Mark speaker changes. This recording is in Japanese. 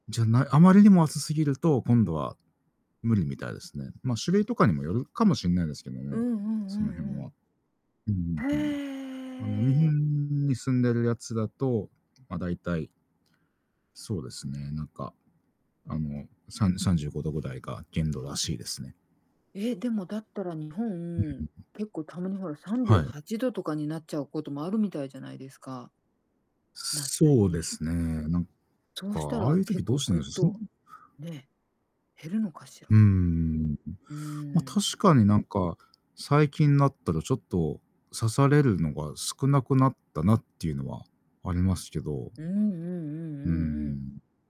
Speaker 1: じゃない、あまりにも暑すぎると、今度は、無理みたいですね。まあ、種類とかにもよるかもしんないですけど
Speaker 2: うん
Speaker 1: も、
Speaker 2: うんう
Speaker 1: その辺
Speaker 2: んう
Speaker 1: は。
Speaker 2: ん。
Speaker 1: うんうん
Speaker 2: へ
Speaker 1: うん。あの、日
Speaker 2: え。
Speaker 1: 本に住んでるやつだと、まあ、大体。そうですね、なんか、あの、さん35度ぐらいが限度らしいですね。
Speaker 2: え、でもだったら日
Speaker 1: うんう
Speaker 2: 本、
Speaker 1: んうん。
Speaker 2: 結構たまにほら、さんじゅう
Speaker 1: はい。
Speaker 2: はちどとかになっちゃうこともあるみたいじゃないですか。夏
Speaker 1: そうで
Speaker 2: に。
Speaker 1: すね、なん
Speaker 2: そう
Speaker 1: か、
Speaker 2: した
Speaker 1: ああい
Speaker 2: ら、
Speaker 1: う
Speaker 2: 結
Speaker 1: 時どう
Speaker 2: 構
Speaker 1: して
Speaker 2: ぐ
Speaker 1: る
Speaker 2: っ
Speaker 1: んでしょう。その
Speaker 2: と、ね、減るのかし
Speaker 1: うんうんうんう
Speaker 2: ら？
Speaker 1: ん、
Speaker 2: う
Speaker 1: まあ、
Speaker 2: ーん。
Speaker 1: 確かになんか、最近になったらちょっと刺されるのが少なくなったなっていうのはありますけど。
Speaker 2: うんうんうん
Speaker 1: うー
Speaker 2: うんうん。
Speaker 1: ん。